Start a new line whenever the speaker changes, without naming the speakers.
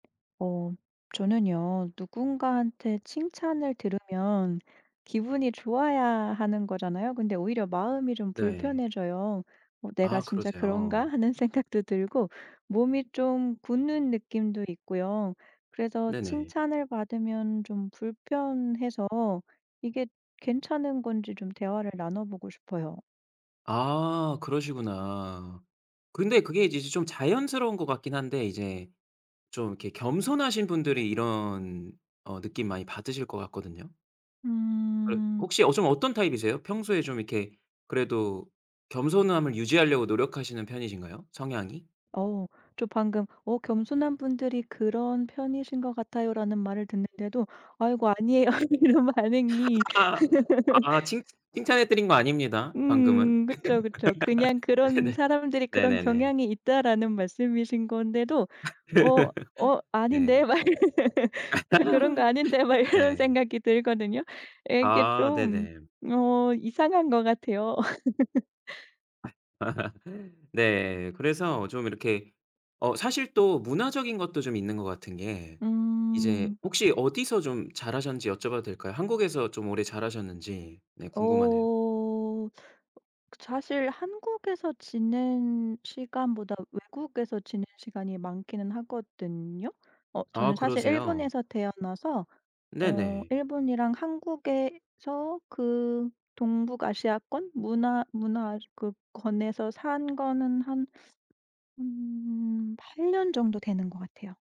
어. 저는요 누군가한테 칭찬을 들으면 기분이 좋아야 하는 거잖아요. 근데 오히려 마음이 좀
네.
불편해져요. '어 내가
아.
진짜
그러세요.
그런가?'하는 생각도 들고 몸이 좀 굳는 느낌도 있고요. 그래서
네네.
칭찬을 받으면 좀 불편해서 이게 괜찮은 건지 좀 대화를 나눠 보고 싶어요.
아. 그러시구나. 근데 그게 이제 좀 자연스러운 것 같긴 한데 이제 좀 이렇게 겸손하신 분들이 이런 어 느낌 많이 받으실 것 같거든요. 그럼
음.
혹시 어 좀 어떤 타입이세요? 평소에 좀 이렇게 그래도 겸손함을 유지하려고 노력하시는 편이신가요? 성향이?
어. 저 방금 어 '겸손한 분들이 그런 편이신 것 같아요."라는 말을 듣는데도 "아이고 아니에요." 이런 반응이.
아. 칭찬 칭찬해 드린 거 아닙니다 방금은.
음. 그쵸, 그쵸. 그냥 "그런
네네.
사람들이 그런
네네네.
경향이 있다."라는 말씀이신 건데도 어 어
네.
아닌데 막 이런 저 그런 거 아닌데 막 이런
네.
생각이 들거든요. 이게
아
좀
네네.
어 이상한 것 같아요.
네. 그래서 좀 이렇게 어 사실 또 문화적인 것도 좀 있는 것 같은 게 이제
음.
혹시 어디서 좀 자라셨는지 여쭤봐도 될까요? 한국에서 좀 오래 자라셨는지 네
어.
궁금하네요.
어 그 사실 한국에서 지낸 시간보다 외국에서 지낸 시간이 많기는 하거든요? 어 저는
아
사실
그러세요.
일본에서 태어나서 어
네네.
일본이랑 한국에서 그 동북아시아권 문화 문화권에서 산 거는 한 8 년 정도 되는 것 같아요.